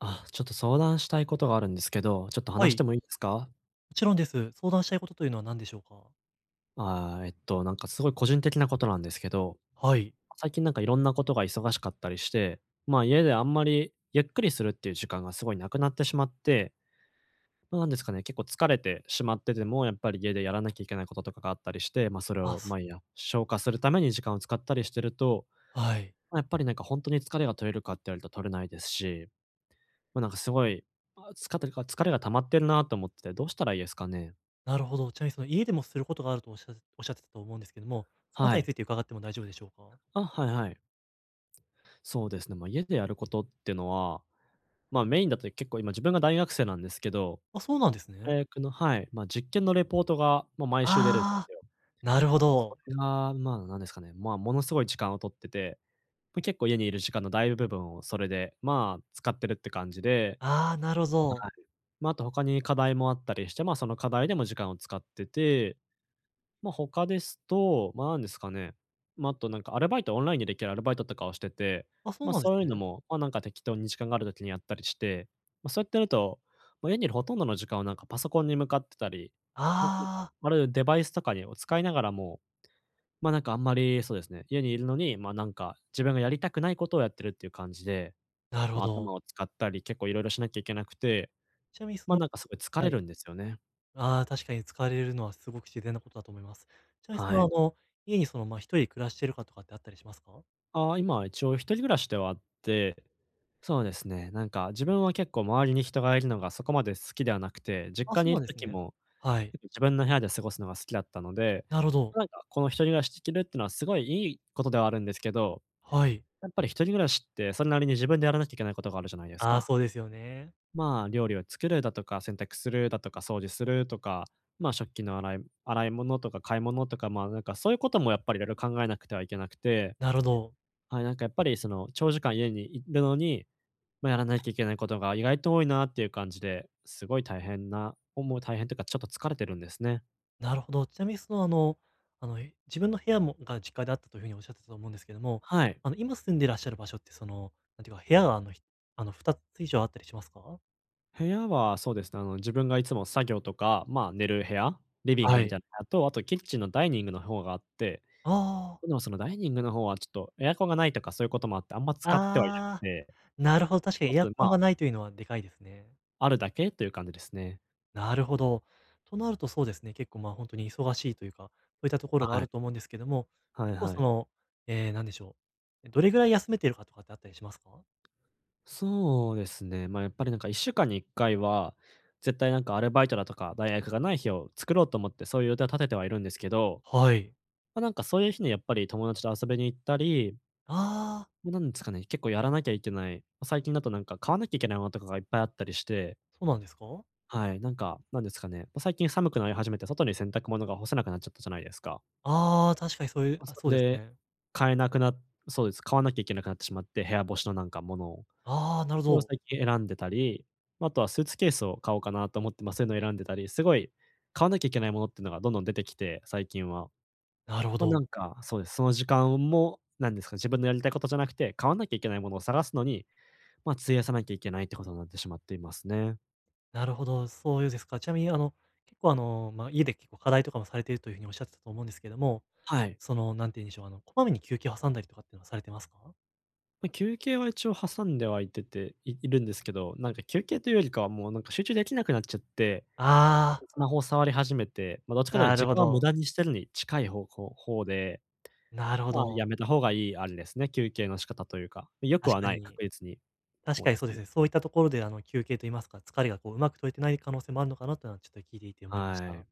あ、ちょっと相談したいことがあるんですけど、ちょっとは話しい。てもいいですか？もちろんです。相談したいことというのは何でしょうか？ああ、えっと、なんかすごい個人的なことなんですけど、はい。最近なんかいろんなことが忙しかったりして、まあ、家であんまりゆっくりするっていう時間がすごいなくなってしまって、なんですかね、結構疲れてしまってても、やっぱり家でやらなきゃいけないこととかがあったりして、ま、それあ、を、すま、いや消化するために時間を使ったりしてると、はい。ま、やっぱりなんかほんとに疲れが取れるかって言われると取れないですし、ま、なんかすごい、ああ、つかてるか疲れが溜まってるなと思ってて、どうしたらいいですかね？なるほど。ちなみに、その、家でもすることがあるとおっしゃっおっしゃってたと思うんですけども、そのあたはりにい。ついて伺っても大丈夫でしょうか？あ、はいはい。そうですね、ま、家でやることってのは、ま、メインだと、結構、今自分が大学生なんですけど、あ、そうなんですね。大学のはい、ま、実験のレポートがも、毎週出るんああ、すよ。なるほそど。れが、まあ、なんですかね、まあ、ものすごい時間を取ってて、ま、結構、家にいる時間の大部分をそれで、まあ、使ってるって感じでああ、なろあ、ぞう。はい。ま、あと他に課題もあったりして、まあ、その課題でも時間を使ってて、ま、他ですと、ま、なんですかね、ま、あとなんかアルバイト、オンラインでできるアルバイトとかをしてて、あ、そうま、なんですそういうのね。も、ま、なんか適当に時間がある時にやったりして、ま、そうやってると、ま、家にいるほとんどの時間をなんかパソコンに向かってたり、ほんとに、かあいあ。ある、デバイスとかにを、使いながらも、ま、なんかあんまり、そうですね、家にいるのに、ま、なんか自分がやりたくないことをやってるっていう感じで、なるほま、ど。頭を使ったり結構いろいろしなきゃいけなくて、ちなみにそま、のなんかすごい疲はれい。るんですよね。ああ、確かに使われるるのはすごく自然なことだと思います。ちな、そはの、い。あの、家にその、まあ、1人暮らしてるかとかってあったりしますか？ああ、今は一応一人暮らしではあって、そうですね、なんか自分は結構周りに人がいるのがそこまで好きではなくて、実あ、家そにういなるんです時ね。も、はい。結構自分の部屋で過ごすのが好きだったので、なるほど。なんかこの一人暮らしてるっていうのは、すごいいいことではあるんですけど、はい。やっぱり一人暮らしって、それなりに自分でやらなきゃいけないことがあるじゃないですああ、か。そうですよね。まあ、料理を作るだとか、洗濯するだとか、掃除するとか、ま、食器の洗い洗い物とか買い物とか、ま、なんかそういうこともやっぱり色々考えなくてはいけなくて、なるほど。はい、なんかやっぱりその長時間家にいるのに、ま、やらないといけないことが意外と多いなっていう感じで、すごい大変なおもう大変というかちょっと疲れてるんですね。なるほど。ちなみにその、あのあの自分の部屋もが実家であったというふうにおっしゃってたと思うんですけども、はい。あの今住んでいらっしゃる場所ってその、なんていうか部屋、あのひあの2つ以上あったりしますか？部屋はそうですね、あの、自分がいつも作業とか、ま、寝る部屋、リビングあみい。たいな部屋と、あと、キッチンのダイニングの方があって、ああああああ。でもそのダイニングの方はちょっとエアコンがないとか、そういうこともあって、あんま使ってはいなくああ、て。なるほど、確かあにエアと、で、コまンがないというのはでかいですね。あるだけという感じですね。なるほど。となると、そうですね。結構、まあ、ほんとに忙しいというか、そういったところあ、があはい。ると思うんですけども、はい結構はそい。の、ええ、何でしょう、え、どれぐらい休めてるか、とかってあったりしますか？そうですね、ま、やっぱりなんか、1週間に1回は、絶対なんかアルバイトだとか、大学がない日を作ろうと思って、そういう予定を立ててはいるんですけど。はい。ま、なんかそういう日にやっぱり、友達と遊びに行ったりああ。なんですかね、結構やらなきゃいけないま、最近だとなんか、買わなきゃいけないものとかが、いっぱいあったりしてそうなんですか？はい、なんか、なんですかね。ま、最近寒くなり始めて、外に洗濯物が干せなくなっちゃったじゃないですか。ああ、確かにそういうま、あ、そ、そうですで、ね。買えなくなっそうです。買わなきゃいけなくなってしまって、部屋干しのなんかものを。ああ、なるほそれをど。最近選んでたり、あとはスーツケースを買おうかなと思って、ま、そういうのを選んでたり。すごい買わなきゃいけないものってのが、どんどん出てきて、最近は。なるほま、なんど。か、そうです。その時間もなんですか、自分のやりたいことじゃなくて、買わなきゃいけないものを探すのに、ま、費やさなきゃいけないってことになってしまっていますね。なるほど、そういうですか。ちなみにあの、結構あの、ま、家で結構課題とかもされているというふうに、おっしゃってたと思うんですけども。はい。その何て言うんでしょう、あの、こまめに休憩を挟んだりとかっていうのは、されてますか？ま、休憩は一応挟んではいてていいるんですけど、なんか休憩というよりかはもうなんか集中できなくなっちゃって、ああスマホを触り始めて、ま、どっちかというなとる時ほ間を無ど。駄にしてるに近いほうこうほうで、なるほまあ、ど。やめたほうがいいあれですね、休憩の仕方とゆうか。良く確はかない、に。確実に、確ほうかでにすそうでね。すね。そういったところで、あの、休憩と言いますか、疲れがこう上手く取れてない可能性もあるのかなってのはちょっと聞いていて思いましはた。い。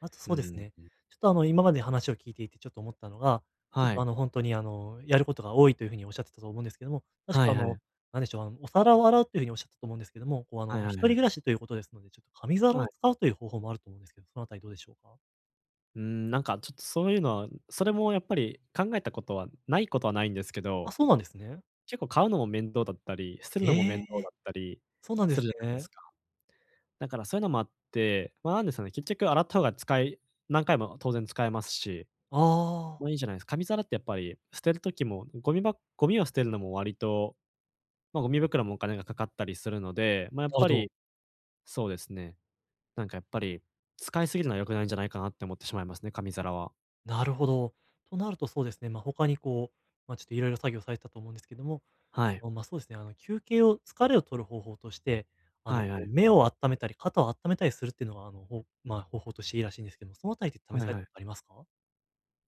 あとうそうですんね、うん、ん。ちょっと、あの、今まで話を聞いていてちょっと思ったのが、ちょっはと、あい。の、ほんとに、あの、やることが多いという風におっしゃってたと思うんですけども、確はか、あいはの、い。なんでしょう、あの、お皿を洗うとゆうふうにおっしゃったと思うんですけども、こう、あはいの、は一い人はい。暮らしということですので、ちょっ、紙皿はをい。使うとゆう方法もあると思うんですけ、そのあたりどうでしょうか？うーん、なんかちょっと、そうゆうのは、ん、それもやっぱり考えたことはないことはないんですけあ、ど、そうなんですね。結構買うのも面倒だったり、捨てるのもえ面え倒え。だったりそうなんですするじゃないですね。か。だから、そゆのもあって、ま、なんですかね、結局洗った方が使い何回も当然使えますし、ああ。まあいいじゃないす紙皿ってやっぱり捨てる時も、ゴミばゴミを捨てるのも割と、ま、ゴミ袋もお金がかかったりするので、ま、やっぱ [unintelligible] り、そうですね、なんかやっぱり、使いすぎるのは良くないんじゃないかなって思ってしまいますね、紙皿は。なるほど。となるとそうですね、ま、他にこう、ま、ちょっといろいろ作業されてたと思うんですけども、はい。あの、ま、そうですね、あの、休憩を疲れを取る方法として、あの、はこい、あう、い。目をあっためたり、肩をあっためたりするってのは、あの、ほうまあ、方法としていいらしいんですけど、そのあたりって試はさいれはたこい。とありますか？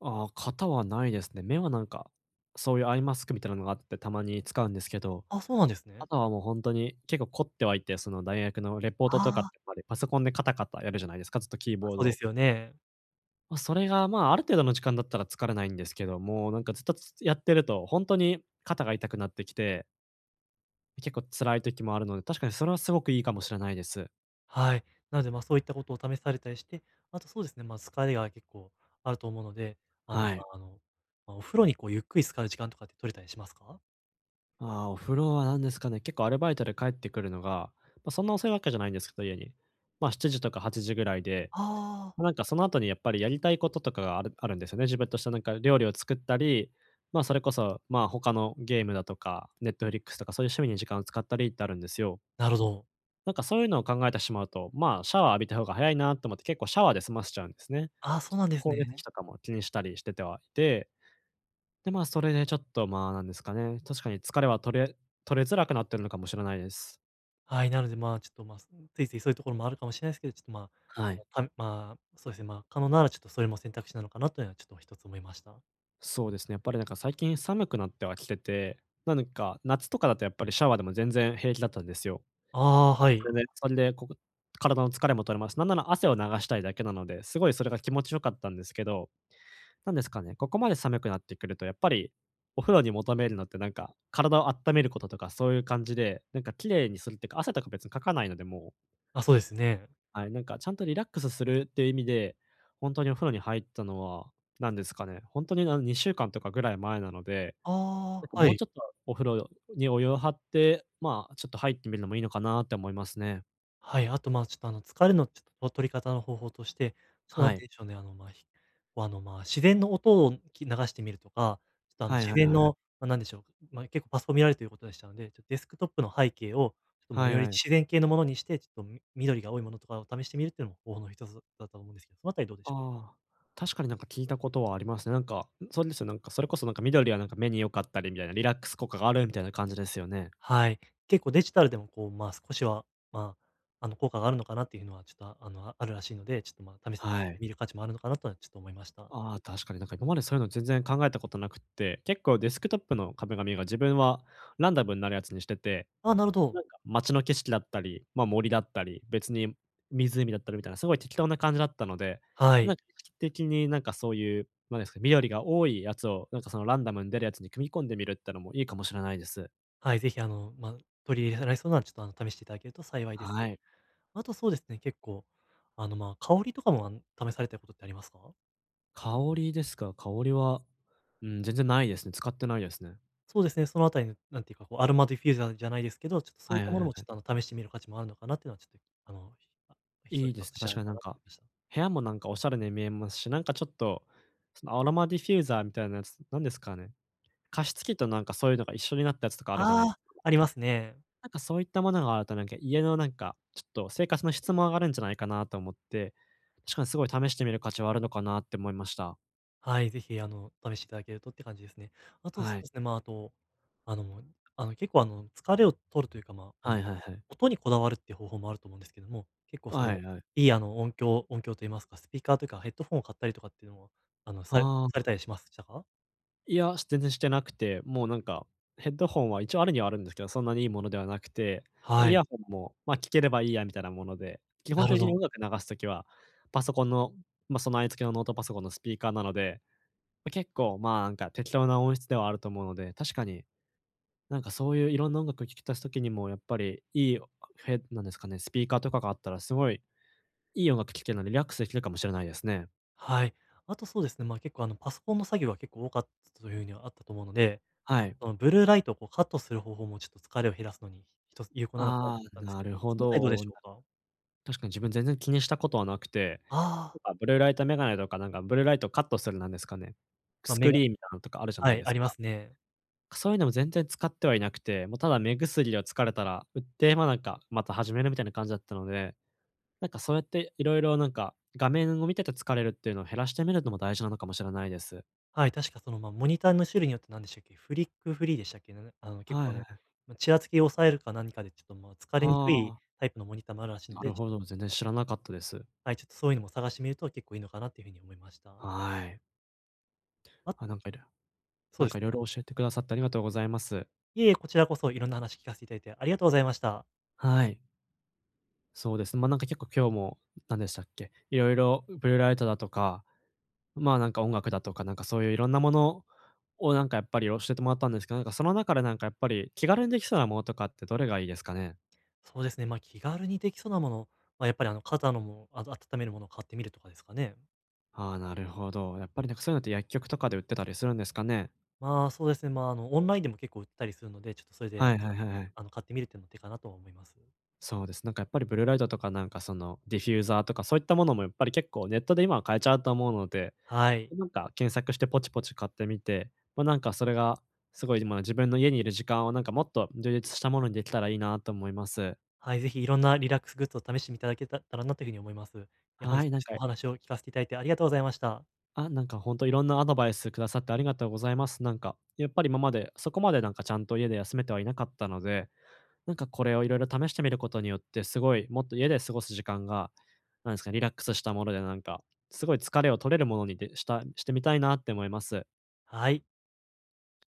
ああ、肩はないですね。目はなんか、そうゆうアイマスクみたいなのがあって、たまに使うんですけど、あ、そうなんですあね。とはもうほんとに、結構凝ってはいて、その、大学のレポーはトとかって、あ。やっぱりパソコンでカタカタやるじゃないですか、ずっと、キーあ、ボーそうでドすよね。ま、それが、まあ、ある程度の時間だったら疲れないんですけども、なんかずっと、つつやってるとほんとに肩が痛くなってきて結構辛い時もあるので、確かにそれはすごくいいかもしれないです。はい。なので、ま、そういったことを試されたりして、あとそうですね、ま、疲れが結構あると思うので、あの、はまい。あ、あの、ま、お風呂にこうゆっくり浸かる時間とかって取れたりしますか？ああ、お風呂は、なんですかね、結構、アルバイトで帰ってくるのが、ま、そんな遅いわけじゃないんですか、家に、ま、7時とか8時ぐらいで、ああ。ま、なんか、その後にやっぱりやりたいこととかがあるあるんですよね、自分としてなんか、料理を作ったり、ま、それこそ、まあ、他のゲームだとか、ネットフリックスとか、そうゆう趣味に時間を使ったりってあるんですよ。なるほど。なんかそうゆうのを考えたしまうと、まあ、シャワー浴びた方が早いなと思って結構シャワーで済ませちゃうんですね。ああ、ちそょうっとなんです光熱費ね。とかも気にしたりしててはいて、で、まあ、それでちょっと、まあ、なんですかね、確かに疲れは取れ取れづらくなってるのかもしれないです。はい、なのでまあ、ちょっとま、ついついそういうところもあるかもしれないですけど、ちょっと、まはい。あ、はるまあ、そうですね、ま、可能ならちょっとそれも選択肢なのかなというのはちょっと1つ思いました。そうですね、やっぱりなんか最近寒くなってはきてて、なんか夏とかだとやっぱりシャワーでも全然平気だったんですよ。ああ、はい。全然、それで、こぐ体の疲れも取れます。なんなら汗を流したいだけなので、すごいそれが気持ちよかったんですけど、なんですかね、ここまで寒くなってくるとやっぱりお風呂に求めるのってなんか、体をあっためることとか、そういう感じで、なんか綺麗にするっていうか、汗とか別にかかないのでもうあ、そうですね。はい、なんかちゃんとリラックスするっていう意味で、ほんとにお風呂に入ったのは何ですかね。ほんとに、なん2週間とかぐらい前なので、あなんかあ、はもうい。ちょっとお風呂にお湯を張って、ま、ちょっと入ってみるのもいいのかなって思いますね。はい、あと、ま、ちょっとあの、疲れのちょっとを取り方の方法として、ちょっとは何て言い。うんでしょうね、あの、ま、あの、ま、自然の音をき流してみるとか、ちょっとあのはい自はい然はいはい。のま、なんでしょう、まい結構パソコン見られるということでしたので、ちょデスクトップの背景をちょっと、ま、はいよはりい。自然系のものにしてちょっと、み緑が多いものとかを試してみるっていうのも方法の1つだと思うんですけど、そのあたりどうでしょうか？ああ、確かになんか聞いたことはありますね。なんか、んそれですよなんか、それこそなんか緑はなんか目に良かったりみたいな、リラックス効果があるみたいな感じですよね。はい。結構デジタルでもこう、まあ、少しは、ま、あの効果があるのかなっていうのはちょっと、あの、あるらしいので、ちょっと、ま、試してはい。みる価値もあるのかなとはちょっと思いました。ああ、確かになんか今までそういうの全然考えたことなくて、結構デスクトップの壁紙が自分はランダムんなるやつにしてて、あ、なるほなど。んか街の景色だったり、ま、森だったり、別に湖だったりみたいな、すごい適当な感じだったので、はない。ん的になんかそういう、なんですか、緑が多いやつをなんかそのランダムに出るやつに組み込んでみるってのもいいかもしれないです。はい、ぜひ、あの、まあ、取り入れられそうなちょっと、あの、試していただけると幸いです。はい。あとそうですね、結構あの、まあ、香りとかもあの、試されたことってありますか？香りですか。香りは、うん、全然ないですね。使ってないですね。そうですね。そのあたりのなんていうかこう、アロマディフューザーじゃないですけど、ちょっとそうはいっいたはいもはのいもちょはっい。と、あの、試してみる価値もあるのかなっていうのはちょっと、あの、かいいです、確なかとになん思か、いました。部屋もなんかおしゃれに見えますし、なんかちょっとそのアロマディフューザーみたいなやつなんですかね、加湿器となんかそういうのが一緒になったやつとかあるじゃなあいであ、すか。ありますね。なんかそういったものがあると、なんか、家のなんか、ちょっと生活の質も上がるんじゃないかなと思ってしかにすごい試してみる価値はあるのかなって思いました。はい、ぜひ、あの、試していただけるとって感じですね。あとそはうい。ですね、まあ、あと、あのあの結構あの、疲れを取るというかまあ、あはのいはいはい。音にこだわるっていう方法もあると思うんですけども、結構あ、そはの、いはい。いい、あの音響音響と言いますか、スピーカーというかヘッドフォンを買ったりとかっていうのもあの、されああ、されあ。たりしますたか？いや、し全然してなくて、もうなんかヘッドホンは一応あるにはあるんですけど、そんなにいいものではなくて、ま、はイい。ヤホンも、ま、聞ければいいやみたいなもので、基本なるほ的にど。音楽流す時は、パソコンの、ま、備え付けのノートパソコンのスピーカーなので、結構、まあ、なんか適当な音質ではあると思うので、確かに、なんかそういういろんな音楽を聞き出す時にもやっぱりいいフェッなんですかね、スピーカーとかがあったらすごい、いい音楽聞けるのでリラックスできるかもしれないですね。はい。あとそうですね、まあ、結構あの、パソコンの作業は結構多かったという風にはあったと思うので、はい。そのブルーライトをこうカットする方法も、ちょっと疲れを減らすのに1つ有効なのかなああ、と思ったんですなけど、るほその辺りどうでど。しょうか？確かに自分全然気にしたことはなくて、ああ。なんかブルーライトメガネとか、んか、ブルーライトをカットする、なんですかね、まあ、ス目クがリーンみたいなのとかあるじゃなはいでい、あすりか。ますね。か、そういうのも全然使ってはいなくて、もうただ目薬を疲れたら、うって、ま、なんか、また始めるみたいな感じだったので、なんかそうやっていろいろなんか、画面を見てて疲れるっていうのを減らしてみるのも、大事なのかもしれないです。はい、確かその、ま、モニターの種類によって、なんでしたっけ、フリックーフリーでしたっけ、なんだあの、は結構いあはいはの、い。ま、ちらつきを抑えるか何かでちょっと、ま、疲はれにくいあ。タイプのモニターもあるらしいのなで、るちょっほとど、全然知らなかったです。はい、ちょっとそういうのも探してみると、結構いいのかなっていうふうに思いました。はい。ああ、となんかいろそなうんでかすいろいね。ろ教えてくださってありがとうございます。いいえ、こちらこそいろんな話聞かせていただいてありがとうございました。はい。そうです。ま、なんか結構今日も、なんでしたっけ、いろいろブルーライトだとか、ま、なんか音楽だとか、なんかそういういろんなものをなんかやっぱり、教えてもらったんですけど、なんかその中でなんかやっぱり、気軽にできそうなものとかってどれがいいですかね？そうですね、ま、気軽にできそうなもの、ま、やっぱりあの、肩のも、あた温めるものを買ってみるとかですかね。ああ、なるほど。やっぱりなんか、そういうのって薬局とかで売ってたりするんですかね？まあ、そうですね、まあ、あの、オンラインでも結構売ってたりするので、ちょっとそれであはのいつはかいはいはい。あの、買ってみるってのも手かなとは思いますよ。そうです。なんかやっぱりブルーライトとかなんかその、ディフューザーとか、そういったものもやっぱり結構ネットで今は買えちゃうと思うので、はい。ま、なんか検索してポチポチ買ってみて、ま、なんかそれがすごいじま、自分の家にいる時間をなんかもっと充実したものにできたらいいなと思います。はい、ぜひいろんなリラックスグッズを試してみただけたたらなというふうに思います。いや本は日い、はなんちょっとかお話を聞かせていただいてありがとうございました。あ、なんかホントいろんなアドバイスくださってありがとうございます。なんか、やっぱり今までそこまでなんかちゃんと家で休めてはいなかったので、なんかこれをいろいろ試してみることによって、すごいもっと家で過ごす時間が、なんですか、リラックスしたものでなんか、すごい疲れを取れるものにでしたしてみたいなって思います。はい。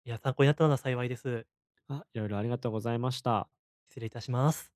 いや参考になったなら幸いです。あ、いろいろありがとうございました。失礼いたします。